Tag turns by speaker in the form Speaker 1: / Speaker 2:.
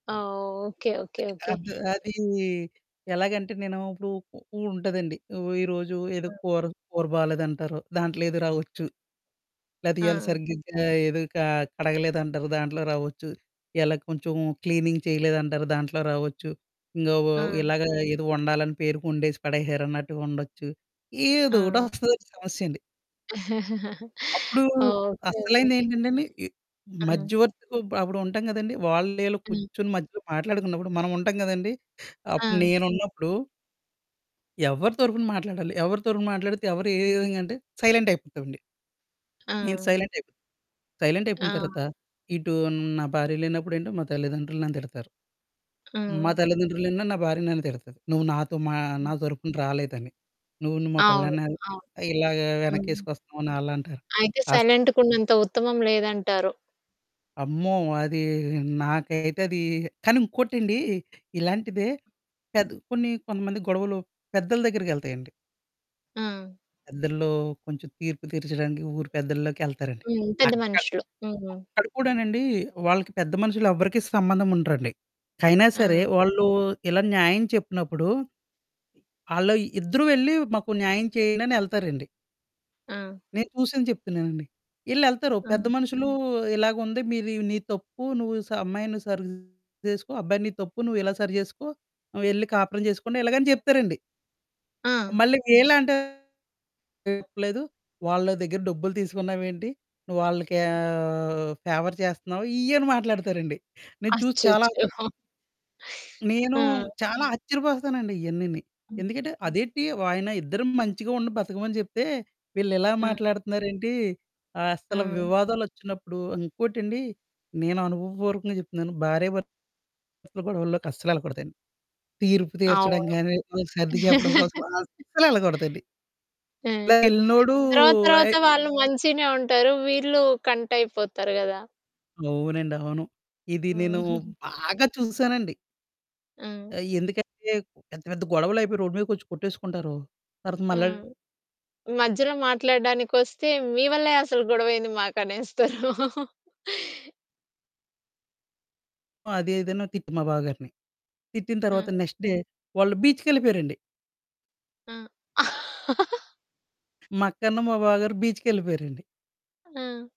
Speaker 1: ఆ! Okay, okay, okay.
Speaker 2: అద్ అది ఎలాగంటే నేను ఇప్పుడు ఉ ఉంటదండి. ఈరోజు ఏదో
Speaker 1: ఆ!
Speaker 2: కూర, కూర బాలేదంటారు. దాంట్లో ఏదో రావచ్చు. లేతే ఇయాల
Speaker 1: ఆ!
Speaker 2: సరిగ్గా ఏదో క కడగలేదంటారు. దాంట్లో రావొచ్చు. ఇలా కొంచెం క్లీనింగ్ చేయలేదంటారు. దాంట్లో రావచ్చు. ఇంగ వ
Speaker 1: ఆ!
Speaker 2: ఇలాగ ఏదో వండాలని పేరుకొండేసి పడేశారన్నట్టుగా ఉండొచ్చు. ఏదో ఒకటి
Speaker 1: ఆ!
Speaker 2: వస్తదండి సమస్య అండి. అప్పుడు
Speaker 1: ఓకె. ఓకె. ఓకె.
Speaker 2: అసలైనదేంటంటే అండి, ఈ
Speaker 1: ఆ!
Speaker 2: మధ్యవర్తికి అప్పుడు ఉంటాం కదండీ! వాళ్ళు ఈళ్ళు
Speaker 1: హ్మ్.
Speaker 2: కూర్చొని మధ్యలో మాట్లాడుకున్నప్పుడు మనం ఉంటాం కదండీ, అప్పుడు
Speaker 1: ఆ!
Speaker 2: నేనున్నప్పుడు... ఎవ్వరి తరపున మాట్లాడాలి, ఎవరి తరపున మాట్లాడితే ఎవరు ఏ ఏ విధంగా అంటే సైలెంట్ అయిపోతామండి. నేను
Speaker 1: ఆ!
Speaker 2: సైలెంట్ అయిపోతా. సైలెంట్ అయిపోయిన
Speaker 1: ఆ!
Speaker 2: తర్వాత ఇటు నా భార్య లేనప్పుడు ఏంటి, మా తల్లిదండ్రులు నన్ను తిడతారు. మా
Speaker 1: ఆ!
Speaker 2: తల్లిదండ్రులేన్నాడు, నా భార్య నన్ను తిడతది. నువ్వు నాతో మా నా
Speaker 1: హ్మ్.
Speaker 2: తరుపున రాలేదని. నువ్వు న్ మా
Speaker 1: అవును.
Speaker 2: పెళ్ళాని
Speaker 1: అవును.
Speaker 2: ఇలాగా
Speaker 1: హ్మ్.
Speaker 2: వెనకేసుకొస్తున్నావని ఆళ్ళంటారు.
Speaker 1: అయితే
Speaker 2: అస్
Speaker 1: సైలెంట్‌గున్నంత ఉత్తమం లేదంటారు.
Speaker 2: అమ్మో! అది నాకైతే అది కానీ ఇంకోటండి ఇలాంటిదే పెద్ కొన్ని కొంతమంది గొడవలు పెద్దల దగ్గరికెళ్తయండి.
Speaker 1: ఆ!
Speaker 2: పెద్దల్లో కొంచెం తీర్పు తీర్చడానికి ఊరి పెద్దల్లోకి ఎళ్తారండి.
Speaker 1: హ్మ్. పెద్ద
Speaker 2: అక్కడ
Speaker 1: మనుషులు. హ్మ్.
Speaker 2: అక్కడ కూడానండి వాళ్ళకి పెద్ద మనుషులు ఎవ్వరికి సంబంధం ఉండరండి. అయినా సరే
Speaker 1: ఆ!
Speaker 2: ఆళ్ళు ఇలా న్యాయం చెప్పినప్పుడు, ఆళ్ళు ఇద్దరు వెళ్లి మాకు న్యాయం చేయండని ఎళ్తారండి.
Speaker 1: ఆ!
Speaker 2: నేను చూసింది చెప్తున్నానండి. ఈళ్ళెళ్తారు పెద్ద
Speaker 1: అ!
Speaker 2: మనుషులు ఇలాగా ఉంది "మీరు నీది తప్పు, నువ్వు స అమ్మాయిని సరి చేసుకో అబ్బాయి నీది తప్పు నువ్వు ఇలా సరి చేసుకో. ఆహ్, వెళ్లి కాపురం చేసుకోండి" ఇలాగ అని చెప్తారండి.
Speaker 1: ఆ!
Speaker 2: మళ్ళీ ఈళ్ళేంటారు చెప్పలేదు. వాళ్ళ దగ్గర డబ్బులు తీసుకున్నావేంటి? నువ్వు వాళ్ళకీ ఆహ్, ఫేవర్ చేస్తున్నావు ఇయ్యని మాట్లాడతారండి నేను చూసి చాలా
Speaker 1: అచ్చచ్చో!
Speaker 2: నేను
Speaker 1: ఆ!
Speaker 2: చాలా ఆశ్చర్యపోతానండి. ఇయన్నీని
Speaker 1: హ్మ్.
Speaker 2: ఎందుకంటే అదేంటి ఆయన ఇద్దరు మంచిగా ఉండి బతకమని చెప్తే, వీళ్ళు ఇలా
Speaker 1: అ!
Speaker 2: మాట్లాడుతున్నారేంటి? అసలు
Speaker 1: ఆ!
Speaker 2: వివాదాలొచ్చినప్పుడు ఇంకోటండి నేను అనుభవపూర్వకంగా చెప్తున్నాను భార్య భర్తల గొడవల్లోకి అస్సలెళ్ళకూడదండి. తీర్పు తీర్చడం
Speaker 1: అవును.
Speaker 2: కాని, సర్ది చెప్పడం కోసం అస్సలు ఎళ్ళకూడదండి. ఇలా
Speaker 1: హ్మ్.
Speaker 2: ఎళ్ళినోడు
Speaker 1: తరువాత తరువాత
Speaker 2: అయి
Speaker 1: వాళ్ళు మంచిగనే ఉంటారు. వీళ్ళు కంటయిపోతారు గదా!
Speaker 2: అవునండి, అవును. ఇది నేను బాగా చూసానండి.
Speaker 1: ఆ!
Speaker 2: ఆహ్, ఎందుకంటే పెద్ద పెద్ద గొడవలయిపోయి రోడ్డు మీదకొచ్చి కొట్టేసుకుంటారు. తర్వాత
Speaker 1: ఆ!
Speaker 2: మళ్ళా
Speaker 1: మధ్యలో మాట్లాడడానికొస్తే మీ వల్లే అసలు గొడవ అయ్యింది మాకనేస్తారు.
Speaker 2: అదే ఏదైనా తిట్టు మా బావగారిని. తిట్టిన తరువాత
Speaker 1: అ!
Speaker 2: నెక్స్ట్ డే వాళ్ళు బీచ్‌కెళ్ళిపోయారండి.
Speaker 1: ఆ!
Speaker 2: మా అక్క, అను మా బావగారు బీచ్‌కెళ్ళిపోయారండి.
Speaker 1: ఆ!